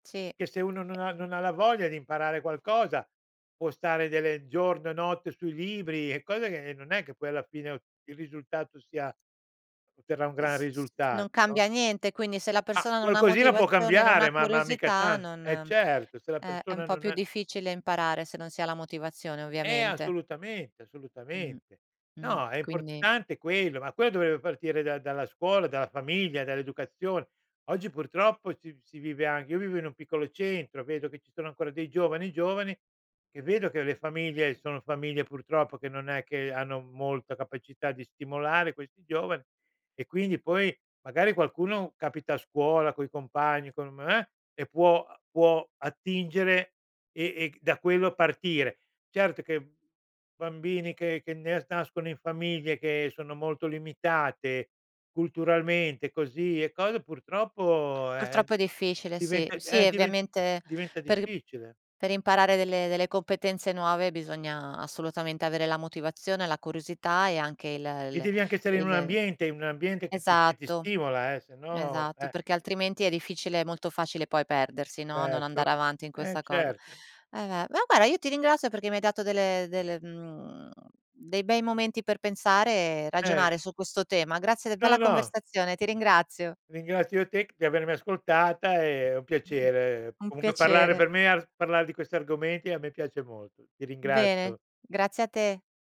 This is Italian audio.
Sì. Che se uno non ha non ha la voglia di imparare qualcosa, può stare delle giorno e notte sui libri e cose che ehm, non è che poi alla fine o il risultato si ha otterrà un Uhm, gran s s risultat non no? cambia niente, quindi, se la A persona non ha qualcosina può motivazione, non cambiare, ha ma ma mica curiosità, tan non eh certo, se la eh, è un persona po' non più è difficile imparare, se non si ha la motivazione, Eh, ovviamente. assolutamente, Mh, assolutamente. mh. No, è Quindi importante quello, ma quello dovrebbe partire da dalla scuola, dalla famiglia, dall'educazione. Oggi purtroppo, si v si vive anche io vivo in un piccolo centro. Vedo che ci sono ancora dei giovani, giovani, che vedo che le famiglie sono famiglie, purtroppo, che non è che hanno molta capacità di stimolare questi giovani. E quindi, poi, magari qualcuno capita a scuola coi compagni, con m eh, e può uhm, può attingere, e e c da quello partire. Certo che b bambini che che nes nascono in famiglie, che sono molto limitate culturalmente, così e code purtroppo, eh, eh, Purtroppo è difficile, sì. diventa Sì, eh, e diven ovviamente diventa per i difficile. per imparare delle delle competenze nuove, bisogna assolutamente avere la motivazione, la curiosità e anche il E l devi anche essere in un il ambiente in un ambiente che ti che ti esatto, stimola, eh, se no esatto. eh! Perché altrimenti è difficile è molto facile poi perdersi, no, non Certo. andare avanti in Eh, questa cosa. certo. Eh, ve ma guarda, io ti ringrazio perché mi hai dato dele delle, mhmm, dei bei momenti per pensare e Eh. ragionare su questo tema. Grazie de No, bella no. conversazione, ti ringrazio. Ringrazio io te c di avermi ascoltata, è è un [unintelligible] piacere, Un comunque parlare piacere. per me ar parlare di questi argomenti a me piace molto. Ti M bene, ringrazio. grazie a te.